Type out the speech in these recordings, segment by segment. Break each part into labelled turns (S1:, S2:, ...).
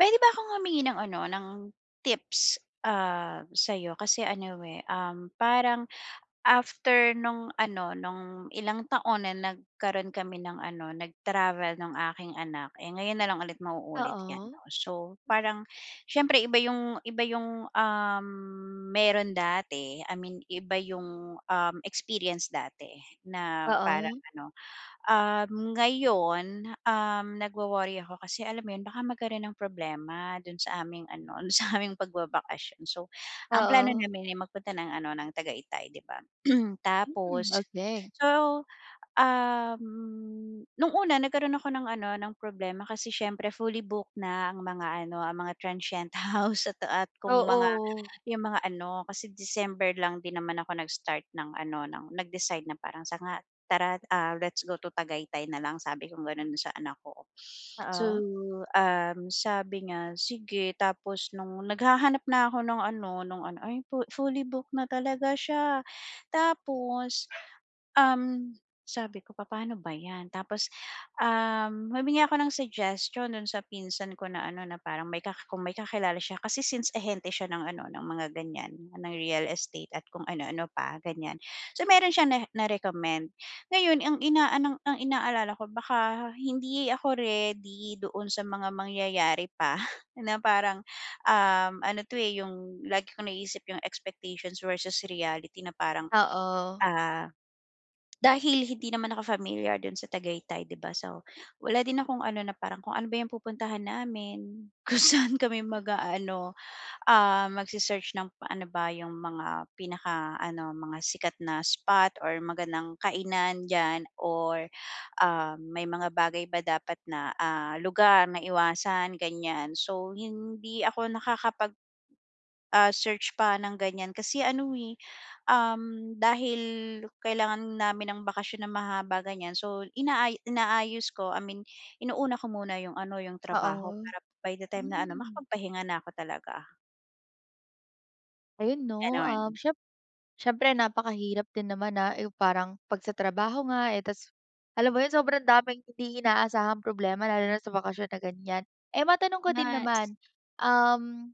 S1: Puwede ba'kong humingi ng ano ng, tips, ah, sa'yo kasi ano, eh, um, parang after no'ng ano, no'ng ilang taon na nagkaro'n kami ng ano, nag-travel ng aking anak, eh, ngayon nalang ulit mauulit 'yan
S2: Oo.
S1: 'no. So parang siyempre iba 'yung iba 'yung, um, meron dati, I mean iba 'yung, um, experience dati na parang
S2: Oo.
S1: ano, um, ngayon, um, nagwo-worry ako kasi alam mo 'yun baka magkaro'n ng problema do'n sa aming ano, sa aming pagbabakasyon. So, ang plano
S2: Oo.
S1: namin, eh, magpunta ng ano ng Tagayatay 'di ba?
S2: Hmm,
S1: Tapos,
S2: okey.
S1: so, um, no'ng una nagkaroon ako ng ano ng problema kasi siyempre fully booked na ang mga ano ang mga transient house at at kung mga
S2: Oo.
S1: 'yung mga ano, kasi December lang din naman ako nag-start ng ano, ng nag-decide na parang sanga "Tara, ah, let's go to Tagaytay na lang." Sabi kong gano'n sa anak ko. So,
S2: Oo.
S1: um, sabi niya, "Sige." Tapos no'ng naghahanap na'ko no'ng ano, no'ng ano, ay fu fully booked na talaga siya, tapos, um, sabi ko, "Papa'no ba 'yan?" Tapos, um, humingi ako ng suggestion do'n sa pinsan ko na ano, na parang may ka kung may kakilala siya kasi since ahente siya ng ano, ng mga ganiyan ng real estate at kung ano ano pa ganiyan, so meron siyang na na-recommend. Ngayon ang inaan ang inaalala ko baka hindi ako ready doon sa mga mangyayari pa na parang, um, ano 'to, eh, 'yung lagi kong naiisip yung expectations versus reality na parang,
S2: Oo.
S1: ah, dahil hindi naman ako familiar do'n sa Tagaytay 'di ba? So wala din akong ano, na parang kung ano ba 'yung pupuntahan namin, kung saan kami mag-aano, ah, mag-se-search ng ano ba 'yung mga pinaka-ano mga sikat na spot or magandang kainan diyan or, ah, may mga bagay ba dapat na, ah, lugar na iwasan ganiyan. So hindi ako nakakapag, ah, search pa ng ganiyan kasi ano, eh, um, dahil kailangan namin ng bakasyon na mahahaba ganiyan, so inaa inaayos ko, I mean inuna ko muna 'yung ano, 'yung trabaho
S2: Oo,
S1: para by the time na ano,
S2: hmm.
S1: makapagpahinga na ako talaga.
S2: Ayun, 'no, um,
S1: Gano'n.
S2: siyem siyempre napakahirap din naman na, uh, parang, 'pag sa trabaho nga eh, tas, alam mo 'yon, sobrang daming hindi inaasahang problema, lalo na't sa bakasyon na ganyan. Eh, matanong ko din
S1: Nas
S2: naman, um,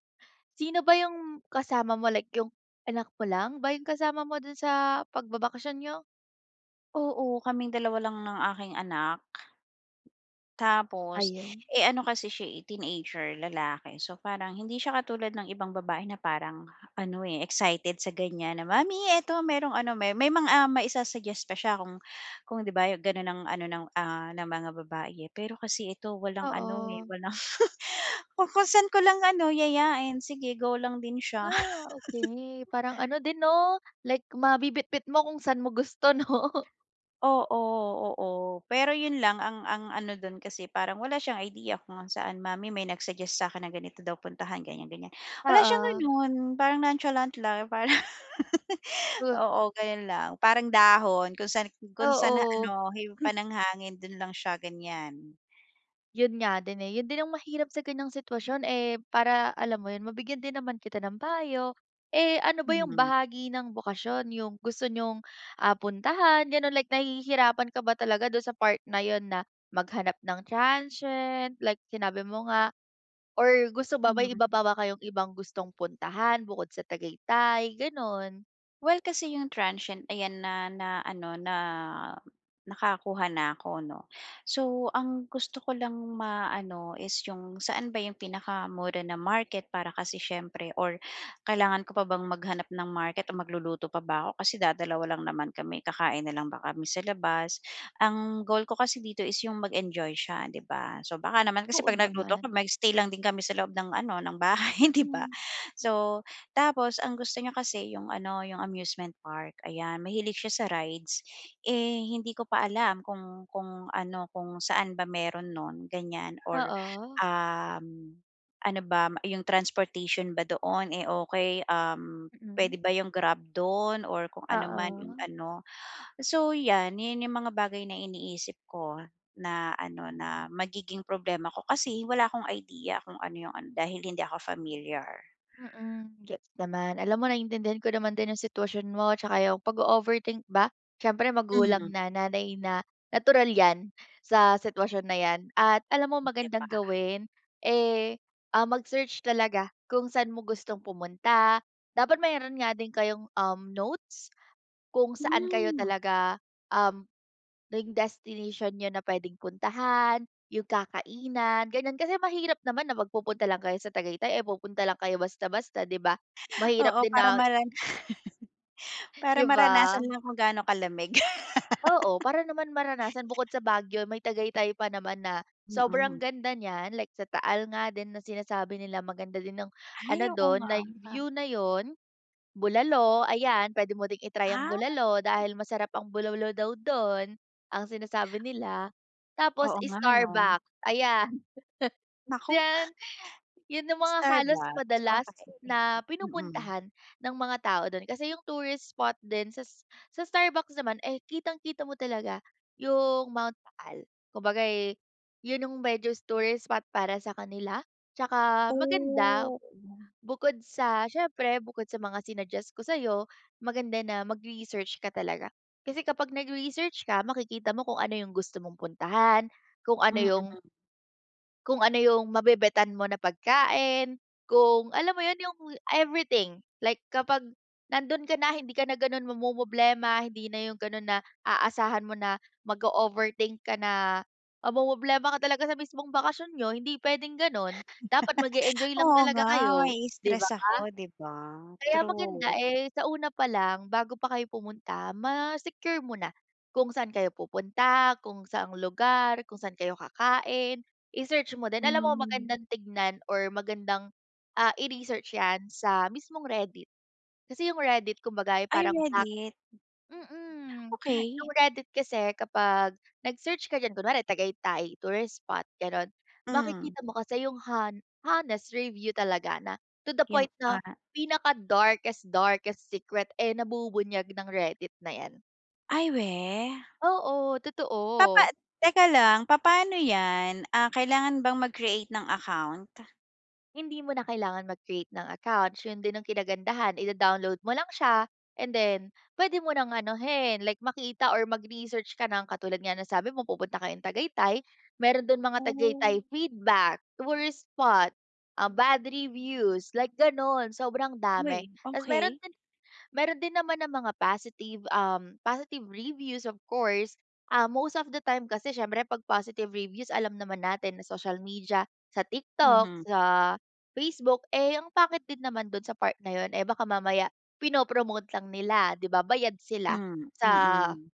S2: sino ba yung kasama mo, like yung anak mo lang, ba yung kasama mo doon sa pagbabakasyon niyo?
S1: Oo, kaming 2 lang ng aking anak. Tapos,
S2: Ayun.
S1: eh, ano kasi siya eh, teenager, lalaki. So, parang hindi siya katulad ng ibang babae na parang ano eh, excited sa ganyan na, "Mommy, eto merong ano", may may mga, ah, maisa-suggest, pa siya kung kung 'di ba, gano'n ang ano ng, ah, ng mga babae eh. Pero kasi ito, walang ano, eh,
S2: Oo.
S1: walang kung saan ko lang ano, yayain, sige, go lang din siya.
S2: Ah, okey, parang ano din, 'no? Like, mabibitbit mo kung saan mo gusto, 'no?
S1: Oo, oo, pero 'yon lang, ang ang ano do'n, kasi parang wala siyang idea kung saan, "Mommy, may nag-suggest sa'kin na ganito daw puntahan, ganyan-ganyan". Wala siyang
S2: Oo.
S1: gano'n, parang nonchalant lang, parang,
S2: Oh.
S1: oo, gano'n lang. Parang dahon, kung san kung saan
S2: Oo.
S1: ano, hipan ng hangin, doon lang siya, ganyan.
S2: Yun nga din, eh. Yun din ang mahirap sa ganyang sitwasyon, eh, para alam mo yun mabigyan din naman kita ng payo. Eh, ano ba yung
S1: Mm.
S2: bahagi ng bakasyon yung gusto niyong, ah, puntahan, ganon. Like nahihirapan ka ba talaga dun sa part na yun na maghanap ng transient. Like sinabi mo nga or gusto ba may
S1: Mhm.
S2: iba pa ba kayong ibang gustong puntahan bukod sa Tagaytay? Ganon.
S1: Well, kasi yung transient ayan na na ano na nakakuha na 'ko, no? So, ang gusto ko lang maano is yung saan ba yung pinakamura na market para kasi siyempre or kailangan ko pa bang maghanap ng market o magluluto pa ba ako. Kasi dadalawa lang naman kami. Kakain na lang kami sa labas? Ang goal ko kasi dito is yung mag-enjoy siya, 'di ba? So, baka naman kasi
S2: Oo,
S1: 'pag nagluto ako
S2: naman.
S1: mag-stay lang din kami sa loob ng ano ng bahay, 'di ba?
S2: Mm.
S1: So, tapos ang gusto niya kasi yung ano yung amusement park, ayan. Mahilig siya sa rides. Eh, hindi ko pa alam kung kung ano, kung saan ba meron nun ganyan or
S2: Oo.
S1: um, ano ba m yung transportation ba doon, eh, okey? Um, puwede
S2: Mm.
S1: ba yung grab do'n or kung ano man yung
S2: Oo.
S1: ano? So, 'yan, yan yung mga bagay na iniisip ko na ano na magiging problema ko kasi wala akong idea kung ano yung ano, dahil hindi ako familiar.
S2: Mm, gets naman. Alam mo naiintindihan ko naman din yung sitwasyon mo 'tsaka yung pag-o-overthink ba. Siyempre magulang
S1: Hmm.
S2: na, nanay na, natural 'yan sa sitwasyon na 'yan. At alam mo
S1: 'Di ba?
S2: magandang gawin, eh, ah mag-search talaga kung sa'n mo gustong pumunta. Dapat mayroon nga din kayong, um, notes, kung saan kayo
S1: Hmm.
S2: talaga um, yung destination niyo na pwedeng puntahan, yung kakainan, ganyan. Kasi mahirap naman na magpupunta lang kayo sa Tagaytay, ay pupunta lang kayo basta-basta, 'di ba? Mahirap
S1: Oo,
S2: din
S1: para
S2: na
S1: malan para
S2: 'Di ba?
S1: maranasan lang kung ga'no kalamig.
S2: Oo, para naman maranasan bukod sa Baguio may tagaytay pa naman na sobrang
S1: Mm.
S2: ganda niya. Like sa taal nga din na sinasabi nila maganda din ang
S1: Ay,
S2: ano
S1: oo
S2: dun
S1: nga.
S2: live view na yun. Bulalo, ayan. Pwede mo din i-try ang
S1: Ah.
S2: bulalo dahil masarap ang bulaulo daw dun, ang sinasabi nila tapos
S1: Oo, nga, no?
S2: Starbuck, ayan.
S1: Naku.
S2: Diyan. Yun ang mga halos
S1: Starbucks
S2: madalas
S1: okey,
S2: na
S1: mm.
S2: pinupuntahan ng mga tao dun kasi yung tourist spot din sas sa Starbucks naman, eh, kitang-kita mo talaga yung Mount Taal. Kumbaga, eh, yun yung medyos tourist spot para sa kanila. Tsaka
S1: Oh.
S2: maganda,
S1: Oo nga.
S2: bukod sa siyempre bukod sa mga sinuggest ko sa'yo. Maganda na mag-research ka talaga. Kasi kapag nag-research ka makikita mo kung ano yung gusto mong puntahan, kung ano yung
S1: Mm.
S2: Kung ano yung mabebetan mo na pagkain, kung alam mo 'yon, yung everything. Like, kapag nando'n ka na, hindi ka na gano'n mamomroblema. Hindi na yung gano'n na aasahan mo na mag-o-overthink ka na, mamomroblema ka talaga sa mismong bakasyon niyo, hindi puwedeng gano'n. Dapat mag-e-enjoy lang
S1: Oo
S2: talaga
S1: nga,
S2: kayo, 'di ba?
S1: mai-stress ako, 'di ba?
S2: Kaya maganda,
S1: True.
S2: eh, sa una pa lang, bago pa kayo pumunta, ma-secure mo na, kung saan kayo pupunta, kung saang lugar, kung saan kayo kakain, i-search mo din. Alam mo
S1: Hmm.
S2: magandang tingnan or magandang, ah, i-research 'yan sa mismong Reddit, kasi yung Reddit kumbaga ay
S1: Ay,
S2: parang black
S1: Reddit.
S2: mm, yung
S1: Okey.
S2: Reddit kasi kapag nag-search ka diyan, kunwari Tagaytay tourist spot, gano'n.
S1: Hmm.
S2: Makikita mo kasi yung hon honest review talaga na to the
S1: Yung,
S2: point 'no,
S1: ah.
S2: pinaka-darkest darkest secret, eh, nabubunyag ng Reddit na 'yan.
S1: Ay, weh?
S2: Oo,
S1: Papa
S2: totoo!
S1: teka lang, papaano 'yan? Ah, kailangan bang mag-create ng account?
S2: Hindi mo na kailangan mag-create ng account 'yun din ang kinagandahan ida-download mo lang siya and then puwede mo nang anuhin like makita or mag-research ka ng katulad nga nasabi mo pupunta kayong Tagaytay, meron do'n mga
S1: Oh.
S2: Tagaytay feedback, tourist spot, ah, bad reviews like gano'n sobrang dami.
S1: Uy,
S2: Tas meron
S1: okey.
S2: din meron din naman ng mga positive, um, positive reviews of course, ah, most of the time kasi siyempre 'pag positive reviews, alam naman natin sa social media, sa TikTok,
S1: Mhm.
S2: sa Facebook, eh, ang pangit din naman do'n sa part na 'yun, eh, baka mamaya pino-promote lang nila, 'di ba, bayad sila
S1: Hmm,
S2: sa
S1: mm.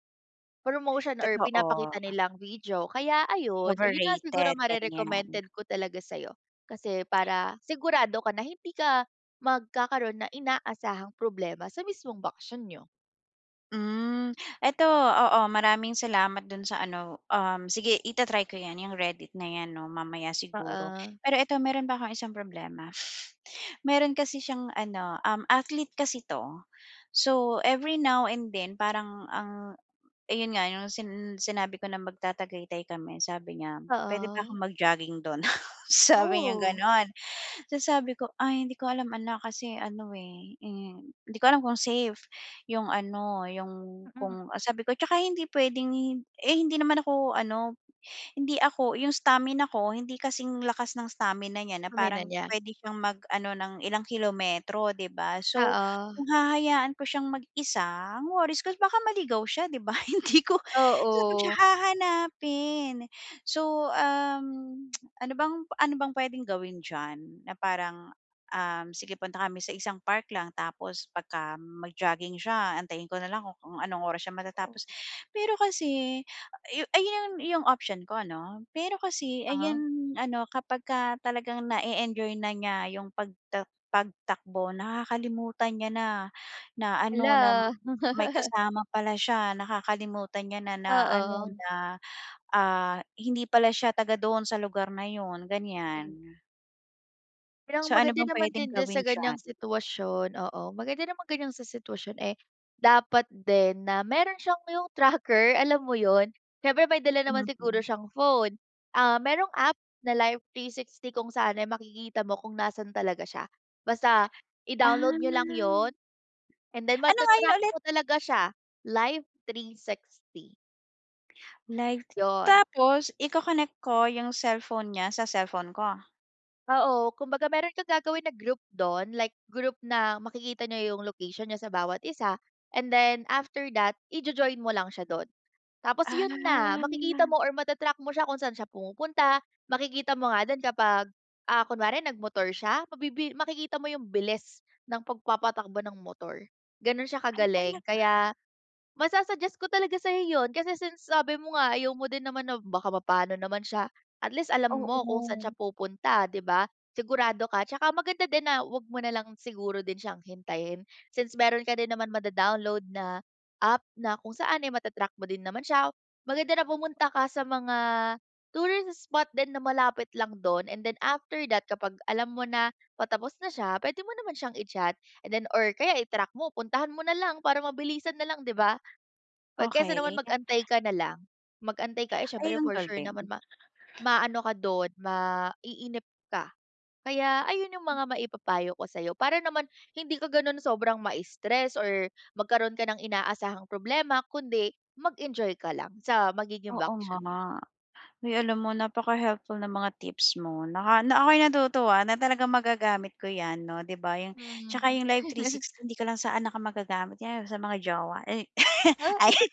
S2: promotion or pinapakita
S1: Totoo.
S2: nilang video kaya ayun 'yun nga, siguro
S1: Overrated, ganiyan.
S2: mare-recommended ko talaga sa'yo, kasi para sigurado ka na hindi ka magkakaroon na inaasahang problema sa mismong bakasyon niyo.
S1: Hmm, ito, oo. Maraming salamat do'n sa ano, um, sige i-ta-try ko 'yan, Reddit na 'yan 'no, mamaya siguro.
S2: Oo.
S1: Pero ito, meron pa akong isang problema. Meron kasi siyang ano, um, athlete kasi 'to, so every now and then parang ang ayun nga, 'yong sin sinabi ko na magta-Tagaytay kami, sabi niya, puwede ba
S2: Oo.
S1: akong mag-jogging do'n, sabi niyang
S2: Oh.
S1: gano'n, tapos sabi ko, ay hindi ko alam, anak, kasi ano, eh, hmm, hindi ko alam kung safe 'yong ano, 'yong
S2: Mm.
S1: kung sabi ko, tsaka hindi puwedeng eh, hindi naman ako ano, hindi ako 'yung stamina ko hindi kasing lakas ng stamina na niya, na
S2: Humina
S1: parang
S2: na.
S1: puwede siyang mag-ano ng ilang kilometro, 'di ba, so
S2: Oo.
S1: kung hahayaan ko siyang mag-isa, ang worries ko baka maligaw siya 'di ba, hindi ko, saan siya
S2: Oo.
S1: hahanapin. So, um, ano bang ano bang puwedeng gawin diyan, na parang, ah, sige punta kami sa isang park lang tapos pagka mag-jogging siya antayin ko na lang kung anong oras siya matatapos,
S2: Oo.
S1: pero kasi ay, 'yun 'yung option ko ano, pero kasi ay 'yan
S2: Uh-huh.
S1: ano kapagka talagang na-e-enjoy na niya 'yung pag pagtakbo nakakalimutan niya na na ano na
S2: Hala.
S1: may kasama pala siya, nakakalimutan niya na na ano
S2: Oo.
S1: na, ah, hindi pala siya taga doon sa lugar na 'yun
S2: Hmm.
S1: ganiyan.
S2: Bilang
S1: So, ano
S2: maganda
S1: bang
S2: naman
S1: puwedeng
S2: din di sa
S1: gawin diyan?
S2: ganiyang, sitwasyon. Oo, maganda namang ganiyang sa sitwasyon, eh, dapat din na meron siyang yung tracker, alam mo 'yun. Siyempre may dala naman siguro
S1: Mhm.
S2: siyang phone. Ah, merong app, na Live 360 kung saan ay makikita mo kung nasaan talaga siya. Basta,
S1: Ah.
S2: i-download niyo lang 'yun and then
S1: Ano nga yun
S2: mata-track
S1: ulit?
S2: mo talaga siya. Live 360.
S1: Like,
S2: 'Yon.
S1: tapos iko-connect ko 'yung cellphone niya sa cellphone ko?
S2: Oo, kumbaga meron kang gagawin na group do'n, like group na makikita niyo 'yung location niyo sa bawat isa and then after that i-jo-join mo lang siya do'n. Tapos 'yun na, makikita
S1: Ah.
S2: mo or mata-track mo siya kung saan siya pumupunta. Makikita mo nga din kapag, ah, kunwari nag-motor siya, mabibi makikita mo 'yung bilis ng pagpapatakbo ng motor. Ganun siya
S1: Ay,
S2: kagaling,
S1: talaga?
S2: kaya masu-suggest ko talaga sa'yo 'yun. Kasi since sabi mo nga ayaw mo din naman na baka mapano naman siya. At least, alam mo kung saan siya
S1: Oo.
S2: pupunta, 'di ba? Sigurado ka 'tsaka maganda din na huwag mo na lang siguro din siyang hintayin. Since meron ka din naman mado-download na app na kung saan ay mata-track mo din naman siya. Maganda na pumunta ka sa mga tourist spot din na malapit lang dun and then after that kapag alam mo na patapos na siya. Puwede mo naman siyang i-chat, and then or kaya i-track mo, puntahan mo na lang para mabilisan na lang, 'di ba? 'Pag kaysa naman
S1: Okey.
S2: mag-antay ka na lang, mag-antay ka, eh,
S1: Ay,
S2: siyempre
S1: ang
S2: for sure
S1: galing.
S2: naman ma maano ka do'n, maiinip ka. Kaya ayun 'yung
S1: Hmm.
S2: mga maipapayo ko sa'yo para naman hindi ka ganun sobrang ma-stress or magkaroon ka ng inaasahang problema kundi mag-enjoy ka lang sa magiging
S1: Oo,
S2: bakasyon niyo.
S1: nga. Uy, alam mo napaka-helpful ng mga tips mo naka na ako'y natutuwa na talagang magagamit ko 'yan, 'no, 'di ba, 'yong 'tsaka
S2: Hmm.
S1: 'yong live three sixty di ka lang sa anak ko magagamit yew sa mga jowa, eh,
S2: Ah.
S1: ayun.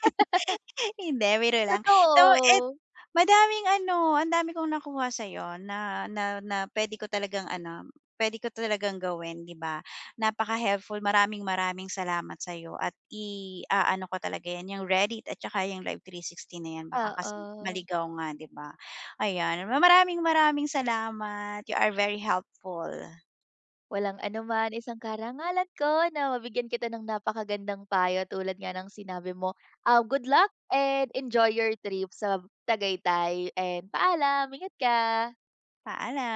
S1: Hindi biro lang. Though it
S2: Totoo.
S1: madaming ano, ang dami kong nakuha sa'yo na na na puwede ko talagang ano, puwede ko talagang gawin, 'di ba? Napaka-helpful, maraming-maraming salamat sa'yo at iaano ko talaga 'yan, 'yang Reddit at tsaka 'yung live 360 na yan baka kasi
S2: Oo.
S1: maligaw nga, 'di ba, ayan. Maraming-maraming salamat! You are very helpful.
S2: Walang anuman, isang karangalan ko na mabigyan kita ng napakagandang payo tulad nga ng sinabi mo, ah, good luck and enjoy your trip sa b Tagaytay and paalam! Ingat ka.
S1: Paala